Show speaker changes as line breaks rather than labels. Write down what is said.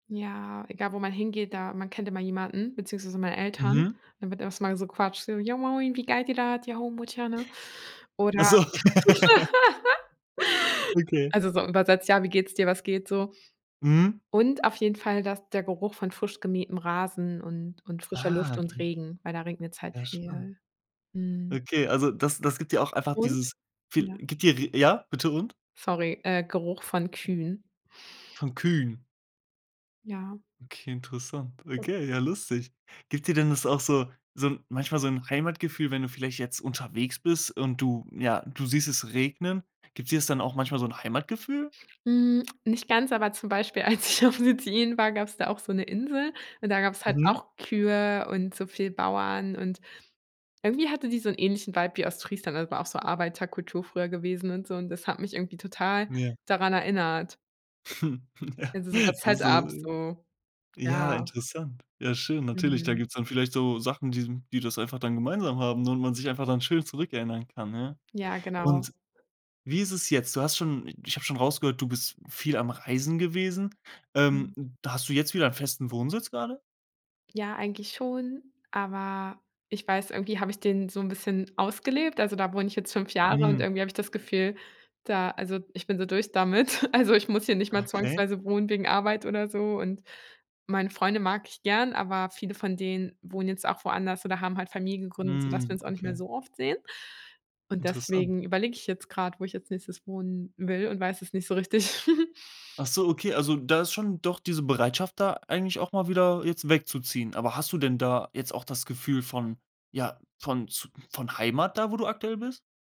Ja, egal wo man hingeht da, man kennt immer jemanden, beziehungsweise meine Eltern,
Mhm.
dann wird erst mal so quatscht so: „Jo moin, wie geit di datt? Ja, homouchana?“
Ach
Oder,
so. Okay.
also, so übersetzt: „Ja, wie geht's dir? Was geht so?“
Mhm.
Und auf jeden Fall das der Geruch von frisch gemähtem Rasen und und frischer
Ah,
Luft und
okay.
Regen, weil da regnet's halt
Ja, schön.
viel. Mhm.
Okay, also, das das gibt dir auch einfach
Und
dieses, fee
ja.
gibt dir r ja, bitte und?
Sorry, äh, Geruch von Kühen.
Von Kühen?
Ja.
Okay, interessant.
Was
Okay, ja lustig. Gibt dir denn das auch so so manchmal so 'n Heimatgefühl wenn du vielleicht jetzt unterwegs bist und du ja, du siehst es regnen, gibt dir das dann auch manchmal so 'n Heimatgefühl?
Hm, nicht ganz, aber zum Beispiel, als ich auf Sizilien war, gab's da auch so 'ne Insel und da gab's halt
Mhm.
auch Kühe und so viel Bauern und irgendwie hatte die so 'n ähnlichen Vibe wie Ostfriesland, also, war auch so Arbeiterkultur früher gewesen und so und das hat mich irgendwie total
Ja.
daran erinnert.
Ja.
Also, so das
Das ist
Set-up so.
Ja,
Ja.
interessant. Ja, schön. Natürlich, da
Mhm.
gibt's dann vielleicht so Sachen, die die das einfach dann gemeinsam haben und man sich einfach dann schön zurückerinnern kann, ja.
Ja, genau.
Und wie ist es jetzt? Du hast schon ich habe schon rausgehört, du bist viel am Reisen gewesen. Ähm,
Mhm.
da hast du jetzt wieder festen Wohnsitz grade?
Ja, eigentlich schon, aber ich weiß irgendwie habe ich den so 'n bisschen ausgelebt, also, da wohne ich jetzt 5 Jahre und
Mhm.
irgendwie habe ich das Gefühl, da also, ich bin so durch damit. Also, ich muss hier nicht mal
Okay.
zwangsweise wohnen wegen Arbeit oder so und meine Freunde mag ich gern, aber viele von denen wohnen jetzt auch woanders oder haben halt Familien gegründet, sodass wir
Mhm,
uns auch nicht mehr
okay.
so oft sehen. Und
Interessant.
deswegen überlege ich jetzt grad, wo ich als nächstes wohnen will und weiß es nicht so richtig.
Ach so, okay, also, da ist schon doch diese Bereitschaft da eigentlich auch mal wieder jetzt wegzuziehen. Aber hast du denn da jetzt auch das Gefühl von ja, von z von Heimat da, wo du aktuell bist?